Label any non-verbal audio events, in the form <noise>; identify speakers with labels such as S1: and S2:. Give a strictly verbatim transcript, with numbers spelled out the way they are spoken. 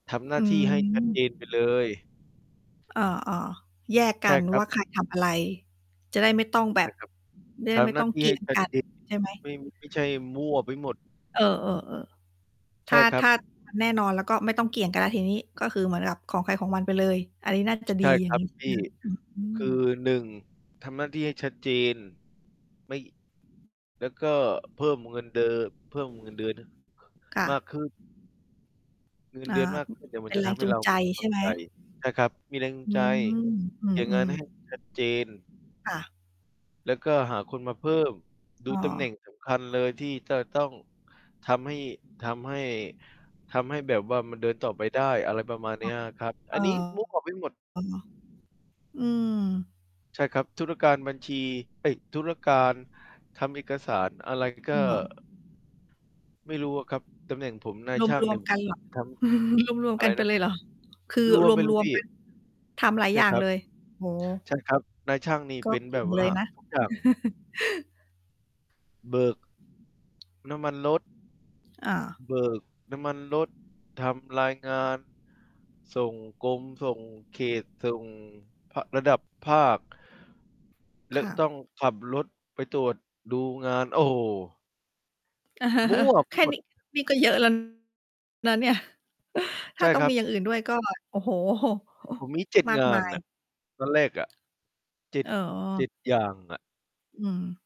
S1: ทำหน
S2: อ
S1: ้า
S2: ื
S1: ที่ให้ ชัด เจ
S2: ม
S1: นไปเลย
S2: อา ๆ แยกก
S1: ใช
S2: ั
S1: ่
S2: น
S1: ครั
S2: ว่
S1: บ
S2: าใครทำอะไร จะได้ไม่ต้องแบ
S1: ใช
S2: บ
S1: ่ครับ
S2: จะไ
S1: ท
S2: ด้ไม
S1: ำ
S2: ่
S1: หน้
S2: ต้
S1: า
S2: อง
S1: ที่
S2: เก
S1: ใ
S2: ี
S1: ห
S2: ่
S1: ้
S2: ยง
S1: ชั
S2: ก
S1: ด
S2: ัน
S1: เจน
S2: ใช่ไหม?
S1: ไม่ ไม่ใช่มั่วไปหมด
S2: เออ ๆ ๆ
S1: ใ
S2: ถ
S1: ช
S2: ้
S1: ่
S2: า
S1: ครั
S2: ถ
S1: บ
S2: ้า มัน แน่นอนแล้ว ก็ไม่ต้องเกี่ยงกันแล้วทีนี้ ก็คือเหมือนแบบของใครของมันไปเลย อันนี้น่าจะ
S1: ใช
S2: ด
S1: ่
S2: ี อย
S1: ค
S2: ่า
S1: ร
S2: ง
S1: ั
S2: ง
S1: บ
S2: ี้ใช่
S1: พ
S2: ไ
S1: ี
S2: ห
S1: ่
S2: มค่ะ? อื
S1: ค
S2: อ
S1: ือ
S2: ๆ
S1: หนึ่ง ทำหน้าที่ให้ชัดเจน ไม่ แล้วก็เพิ่มเงินเดอ เพิ่มเงินเดือน
S2: ค่
S1: มา
S2: ะ
S1: กขึ้น เงิน
S2: อ
S1: เ
S2: ่
S1: ดือน
S2: า
S1: มากขึ้นเนี่ย ม
S2: เ
S1: ั
S2: ป
S1: น
S2: ็น
S1: จะ
S2: แร
S1: ท
S2: ง
S1: ำให
S2: จ
S1: ้
S2: ูง
S1: เรา
S2: ใจใ
S1: ม
S2: ช
S1: ั่
S2: ่
S1: น
S2: ไหม?
S1: ใจ นะครับ มีแรงจู
S2: อ
S1: ง
S2: ื
S1: ใจ
S2: ม อื
S1: อย่างงั้
S2: อ
S1: นให
S2: ๆ
S1: ้ มัน ชัดเจน
S2: ค่ะ
S1: แล้วก็หาคนมาเพิ่ม ดู
S2: อ้
S1: ตำแหน่
S2: อ
S1: ง สำคัญ เลยที่จะต้องทำให้ ทำให้ ทำให้แบบว่ามันเดินต่อไปได้ อะไรประมาณเ
S2: ค
S1: นี
S2: ่
S1: ้
S2: ะ
S1: ยอะครับ
S2: เ
S1: อ
S2: อ
S1: ัน
S2: อ
S1: นี้ move ออกไปหมด
S2: อืม
S1: ใช่ครับ ธุรการบัญชี เอ๊ย ธุรการทำเอกสารอะไรก
S2: อื
S1: ็
S2: ม เหรอ?
S1: ไม่รู้อะครับ ตำแหน่งผมนายช่า
S2: ร
S1: ง เ
S2: ว
S1: นี
S2: ม
S1: ่ย
S2: ๆ กันเหรอ?
S1: ท
S2: <chuckles> รวม
S1: ำ อะ
S2: ๆ ก
S1: ไ
S2: ั
S1: ร
S2: นไป
S1: นะ?
S2: เลยเหรอ? คือ
S1: รวมไปเล
S2: ร
S1: ย
S2: วม
S1: พี่
S2: ๆ กัน ทำหลาย
S1: ใช
S2: อ
S1: ่
S2: ย่า
S1: ค
S2: ง
S1: รับ
S2: เลย โอ้โฮ
S1: ใช่ครับ นายช่างนี่
S2: ก็
S1: เป็น
S2: เก
S1: แบ
S2: ่ง
S1: บว
S2: เล
S1: ่า
S2: ยนะ
S1: ทุก อย่าง
S2: <chuckles>
S1: เบิก น้ำมันรถ
S2: อา
S1: เบิกน้ำมันรถ ทำรายงาน ส่งกรม ส่งเขต ส่ง ภ ระดับภาค แล
S2: ค
S1: ะ
S2: ่ะ
S1: ต้องขับรถไปตรวจดูงาน โอ้โฮ มั่ว
S2: <chuckles>
S1: ไ
S2: แ
S1: ป
S2: ค่
S1: หม
S2: น
S1: ด
S2: ี้ นี่ก็เยอะ แล้ว นะเนี่ย ถ
S1: ใ
S2: ้
S1: ช
S2: า
S1: ่
S2: ต้อ
S1: ค
S2: ง
S1: รั
S2: มี
S1: บ
S2: อย่างอื่นด้วย ก็ โอ้โฮ
S1: ผมมี เจ็ด
S2: มา
S1: ง
S2: ก
S1: า
S2: มา
S1: นน่
S2: ย
S1: ะ ตอนแรกอะ เจ็ด
S2: อ
S1: เจ
S2: ๋อ
S1: ็ด อย่างอะ
S2: อืม